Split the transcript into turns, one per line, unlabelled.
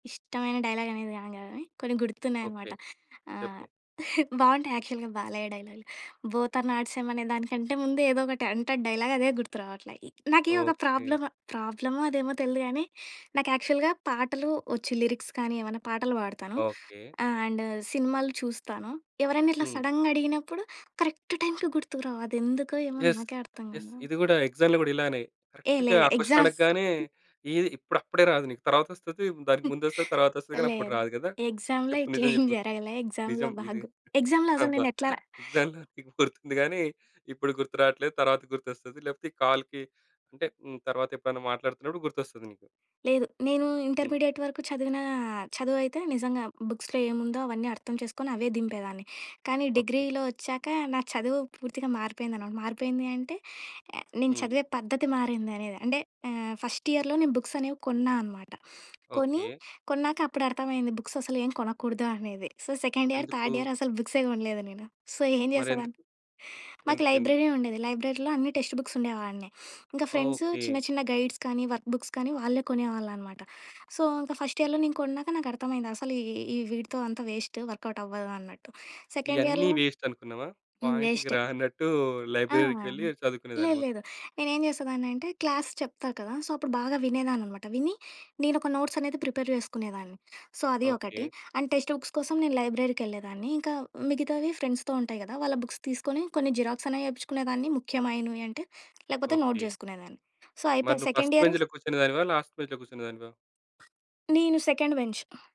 ఇష్టమైన డైలాగ్ అనేది కాదు గాని కొన్ని గుర్తున్నాయనమాట.
ఓకే. చెప్పు?
ఆహ్, బావుంటాయి యాక్చువల్‌గా బాలయ్య డైలాగ్‌లు, బోత్ ఆర్ నాట్ సేమ్ అనే దానికంటే ముందు ఏదో ఒకటి అంటడు డైలాగ్ అదే గుర్తు రావట్లే. ఇ నాకి ఒక
ఓకే.
ప్రాబ్లము. ప్రాబ్లమో అదేమో తెలియదు గానీ నాకు యాక్చువల్‌గా పాటలు వచ్చు లిరిక్స్ కానీ ఏమన్నా పాటలు పాడతాను.
ఓకే.
ఆహ్, అండ్ సినిమాలు చూస్తాను. ఎవరైనా ఇట్లా
హ్మ్.
సడన్‌గా అడిగినప్పుడు కరెక్ట్ టైమ్‌కి గుర్తుకురావు అది ఎందుకో ఏమో
యెస్!
నాకే అర్థం
యెస్!
కాదు.
ఇది కూడా ఎక్సామ్‌లో కూడా ఇలానే
ఏహ్!
కరెక్ట్‌గా
లేదు
ఆ క్వశ్చన్
ఎగ్జాస్...
అడగగానే ఇది ఇప్పుడు అప్పుడే రాదు నీకు తర్వాత వస్తది, దానికి ముందు వస్తది తరువాత వస్తది కానీ అప్పుడు
లేదు.
రాదు గదా.
ఎక్సామ్‌లో
చెప్పు
ఇట్లా
నిజం
ఏం
చెప్పు?
జరగలే ఎక్సామ్‌లో
నిజం ఇది.
బాగు ఎక్సామ్‌లో అసలు
అబ్బా!
నేనెట్లా
ఎక్సామ్‌లో నీకు గుర్తుంది గాని ఇప్పుడు గుర్తు రాట్లేదు తరువాత గుర్తొస్తది లేకపోతే కాల్‌కి అంటే హ్మ్, తర్వాత ఎప్పుడైనా మాట్లాడుతున్నప్పుడు గుర్తొస్తది నీకు.
లేదు. నేను
హ్మ్.
ఇంటర్మీడియట్ వరకు చదివిన చదువయితే నిజంగా బుక్స్‌లో ఏముందో అవన్నీ అర్థం చేసుకొని అవే దింపేదాన్ని. కానీ,
ఓకే.
డిగ్రీలో వచ్చాక నా చదువు పూర్తిగా మారిపోయిందనమాట, మారిపోయింది అంటే నేను
హ్మ్.
చదివే పద్ధతి మారింది అనేద. అంటే ఆహ్, ఫస్ట్ ఇయర్‌లో నేను బుక్స్ అనేవి కొన్నా అనమాట. కొని,
ఓకే.
కొన్నాక అప్పుడు అర్థమయ్యింది బుక్స్ అసలు ఏం కొనకూడదు అనేది. సో, సెకండ్ ఇయర్,
ఎందుకు?
థర్డ్ ఇయర్ అసలు బుక్సే కొనలేదు నేను. సో, ఏం
మరి ఎందుకు?
చేసేదాన్ని, మాకు
ఎందుకు? ఎందుకు?
లైబ్రరీ ఉండేది. లైబ్రరీలో అన్ని టెక్స్ట్ బుక్స్ ఉండేవాడిని. ఇంకా ఫ్రెండ్స్ చిన్న
ఓకే.
చిన్న గైడ్స్ కానీ వర్క్ బుక్స్ కానీ వాళ్ళే కొనేవాళ్ళు అనమాట. సో, ఇంకా ఫస్ట్ ఇయర్‌లో నేను కొన్నాక నాకర్థమైంది అసలు ఈ ఈ ఈ వీటితో అంతా వేస్ట్ వర్క్‌అవుట్ అవ్వదు అన్నట్టు. సెకండ్
ఇయన్నీ
ఇయర్‌లో
వేస్ట్ అనుకున్నావా?
హ్మ్.
పాయింట్‌కి
వేస్టే.
రానట్టు
ఆ!
లైబ్రరీకి వెళ్లి చదువుకునేదాన్ని మొత్తం.
లేలేదు. నేనేం చేసేదాన్ని అంటే క్లాస్ చెప్తారు కదా! సో, అప్పుడు బాగా వినేదాన్ననమాట. విని నేనోక నోట్స్ అనేది ప్రిపేర్ చేసుకునేదాన్ని. సో, అది ఒకటి
ఓకే.
అండ్ టెక్స్ట్ బుక్స్ కోసం నేను లైబ్రరీకెళ్ళేదాన్ని ఇంకా మిగతావి ఫ్రెండ్స్‌తో ఉంటాయి కదా వాళ్ళ బుక్స్ తీసుకొని కొన్ని జిరాక్స్ అనేవి చేపించుకునేదాన్ని ముఖ్యమైనవి అంటే లేకపోతే నోట్
ఓకే.
చేసుకునేదాన్ని. సో,
మరి
అయిపోయక
నువ్వు
సెకండ్
ఫస్ట్
ఇయరు
బెంచ్‌లో కూర్చునేదానివా? లాస్ట్ బెంచ్‌లో కూర్చునేదానివా?
నేను సెకండ్ బెంచ్.